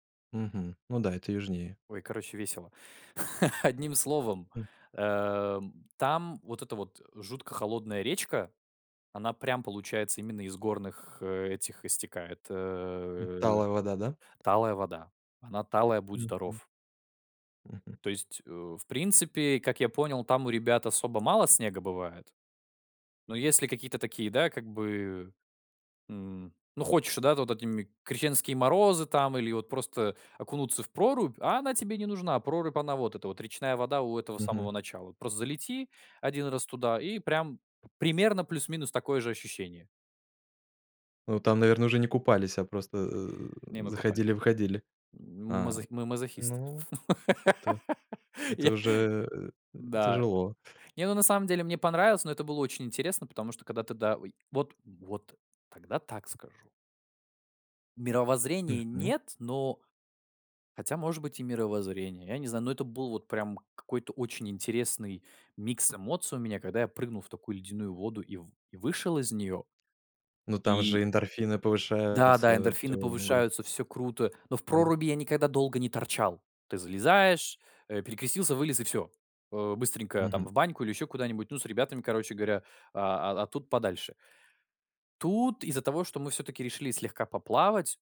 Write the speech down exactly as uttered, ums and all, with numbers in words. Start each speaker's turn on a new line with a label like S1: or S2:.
S1: Мгм. Ну да, это южнее.
S2: Ой, короче, весело. Одним словом.
S1: М.
S2: Эм, там вот эта вот жутко холодная речка, она прям получается именно из горных этих истекает,
S1: М,
S2: э,
S1: талая вода, да?
S2: талая вода. Она талая будь
S1: Мгм.
S2: здоров.
S1: Мгм.
S2: То есть, э, в принципе, как я понял, там у ребят особо мало снега бывает. Но если какие-то такие, да, как бы, м. Ну, хочешь, да, ты вот этими, крещенские морозы, там, или вот просто окунуться в прорубь, а она тебе не нужна. Прорубь, она вот эта вот речная вода у этого
S1: Мгм.
S2: самого начала. Просто залети один раз туда, и прям п примерно плюс-минус такое же ощущение.
S1: Ну, там, наверное, уже не купались, а просто, э,
S2: Не, мы купались.
S1: заходили-выходили.
S2: М
S1: А,
S2: мазох мы мазохисты.
S1: ну, это это
S2: Я
S1: уже, э,
S2: Да.
S1: тяжело.
S2: Не, ну, на самом деле мне понравилось, но это было очень интересно, потому что когда тогда ой. Вот, вот тогда так скажу Мировоззрение-
S1: Мгм.
S2: нет, но Хотя, может быть, и мировоззрение, я не знаю, но это был вот прям какой-то очень интересный микс эмоций у меня, когда я прыгнул в такую ледяную воду и в и вышел из неё.
S1: Ну, там
S2: И
S1: же эндорфины
S2: Да, да,
S1: повышаются, всё,
S2: эндорфины
S1: гр
S2: повышаются, всё круто, но в
S1: Бр
S2: проруби я никогда долго не торчал. Ты залезаешь, э, перекрестился, вылез и всё. Э. Быстренько там
S1: Мгм.
S2: в баньку или еще куда-нибудь, ну, с ребятами, короче говоря, а, а тут подальше. Тут из-за того, что мы всё-таки решили слегка поплавать